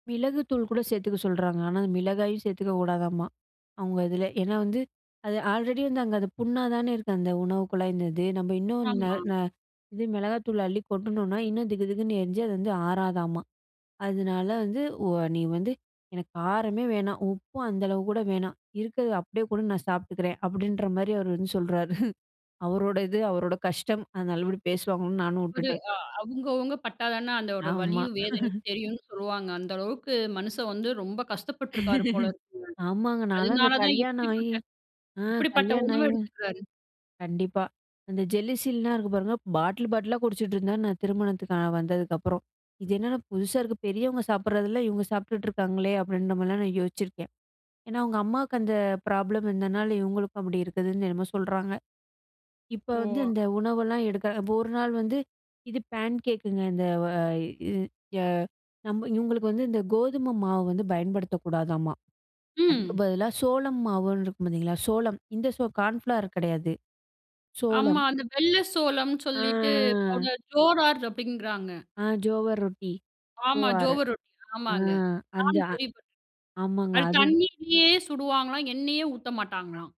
மிளகு தூள் கூட சேர்த்துக்க சொல்றாங்க. ஆனா மிளகாயும் சேர்த்துக்க கூடாதாம்மா, அவங்க இதுல. ஏன்னா வந்து அது ஆல்ரெடி வந்து அங்க அது புண்ணாதானே இருக்கு அந்த உணவு குழாய் இந்த இது. நம்ம இன்னும் ந ஆமா. ந [unintelligible] மிளகாய்த்தூள் அள்ளி கொட்டுனோம்னா இன்னும் திகுதிகுன்னு எரிஞ்சு அது வந்து ஆறாதாம்மா. அதனால வந்து ஒ நீ வந்து எனக்கு காரமே வேணாம். உப்பும் அந்த அளவுக்கு கூட வேணாம். இருக்குறத அப்படியே கூட நான் சாப்பிட்டுக்கிறேன் அப்படின்ற மாதிரி அவர் வந்து சொல்றாரு. அவரோட இது அவரோட கஷ்டம். அதனால அப்படி பேசுவாங்கன்னு நானும் புரி உட்டுட்டேன். அ அவங்க அவங்க பட்டாதானே அந்த ஒரு ஆமா. வலியும் வேதனையும் தெரியும்னு சொல்லுவாங்க. அந்த அளவுக்கு மனுஷன் வந்து ரொம்ப கஷ்டப்பட்டு இருக்காரு போல இருக்குங்க. ஆமாங்க. நான்லாம் இந்த அதனாலதான் கல்யாணம் ஆயி இப்படிப்பட்ட அ இப்படிப்பட்ட கல்யாணம் உணவை ஆயி எடுத்துக்கிறார். கண்டிப்பா அந்த Gelusilல்லாம் இருக்கு பாருங்க பாட்டில் பாட்டிலா குடிச்சிட்டு இருந்தாரு, நான் திருமணத்துக்கு வந்ததுக்கு அப்புறம். இது என்னடா புதுசா இருக்கு பெரியவங்க சாப்பிடுறதெல்லாம் இவங்க சாப்பிட்டுட்டு இருக்காங்களே அப்படின்ற மாதிரிலாம் நான் யோசிச்சிருக்கேன். ஏன்னா அவங்க அம்மாவுக்கு அந்த ப்ராப்ளம் இருந்ததுனால இவங்களுக்கும் அப்படி இருக்குதுன்னு என்னமோ சொல்றாங்க. இப்ப வந்து ஓ. அந்த உணவெல்லாம் எடுக்க, இப்ப ஒரு நாள் வந்து இது பேன்கேக்குங்க, இந்த நம்ம இவங்களுக்கு வந்து இந்த கோதுமை மாவு வந்து பயன்படுத்தக் கூடாதாம்மா. அதுக்கு ம். பதிலா சோளம் மாவுன்னு இருக்கு பாத்தீங்களா சோளம் இந்த கான்ஃப்ளார் கிடையாது சோளம். ஆமா. அந்த வெள்ளை சோளம்ன்னு ஆ. சொல்லிட்டு, அவங்க ஜோரார் அப்படிங்கிறாங்க. ஆ ஜோவர் ரொட்டி. ஆமாம். ஜோவார். ஜோவர் ரொட்டி அ ஆமாங்க அந்த நானும் அ கேள்விப்பட்டேன், ஆமாங்க அது அது தண்ணியிலயே சுடுவாங்களாம் எண்ணெயே ஊத்த மாட்டாங்களாம்.